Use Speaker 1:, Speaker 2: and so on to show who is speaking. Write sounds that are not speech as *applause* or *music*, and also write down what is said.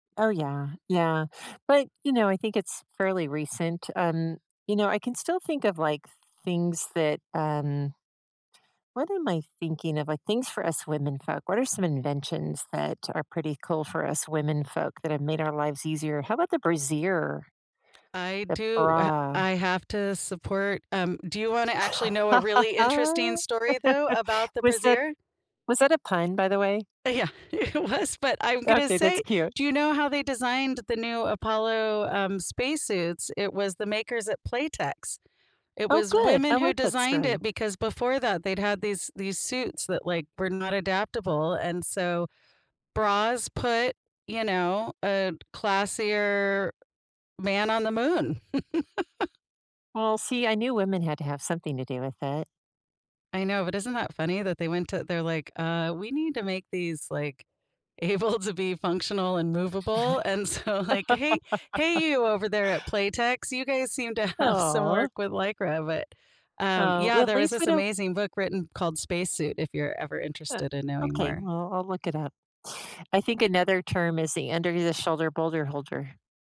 Speaker 1: Oh, yeah. Yeah. But, you know, I think it's fairly recent. Um, you know, I can still think of, like, things that, um what am I thinking of? Like, things for us women folk. What are some inventions that are pretty cool for us women folk that have made our lives easier? How about the brassiere?
Speaker 2: I
Speaker 1: The
Speaker 2: do. I ha
Speaker 1: bra.
Speaker 2: I have to support, um, do you wanna actually know a really interesting
Speaker 1: *chuckles*
Speaker 2: story though about the
Speaker 1: Was that
Speaker 2: brazier?
Speaker 1: was that a pun, by the way?
Speaker 2: Yeah, it was, but I'm going to
Speaker 1: Okay. That's
Speaker 2: say,
Speaker 1: cute.
Speaker 2: do you know how they designed the new Apollo, um, space suits? It was the makers at Playtex. It
Speaker 1: Oh,
Speaker 2: was
Speaker 1: good.
Speaker 2: women
Speaker 1: I
Speaker 2: who
Speaker 1: like that
Speaker 2: designed
Speaker 1: story.
Speaker 2: it because before that they'd had these these suits that, like, were not adaptable and so bras put, you know, a classier man on the moon. *chuckles*
Speaker 1: Well, see, I knew women had to have something to do with it.
Speaker 2: I know, but isn't that funny that they went to they're like, "Uh, we need to make these, like, able to be functional and movable," and so, like, "Hey, hey, you
Speaker 1: *laughs*
Speaker 2: over there at Playtex. You guys seem to have some
Speaker 1: Aw.
Speaker 2: work with Lycra," but, um,
Speaker 1: Oh,
Speaker 2: yeah,
Speaker 1: at
Speaker 2: there was
Speaker 1: least we
Speaker 2: this
Speaker 1: don't
Speaker 2: amazing book written called Spacesuit if you're ever
Speaker 1: Yeah,
Speaker 2: interested in knowing
Speaker 1: okay.
Speaker 2: more.
Speaker 1: Well, I'll look it up. I think another term is the under the shoulder boulder holder.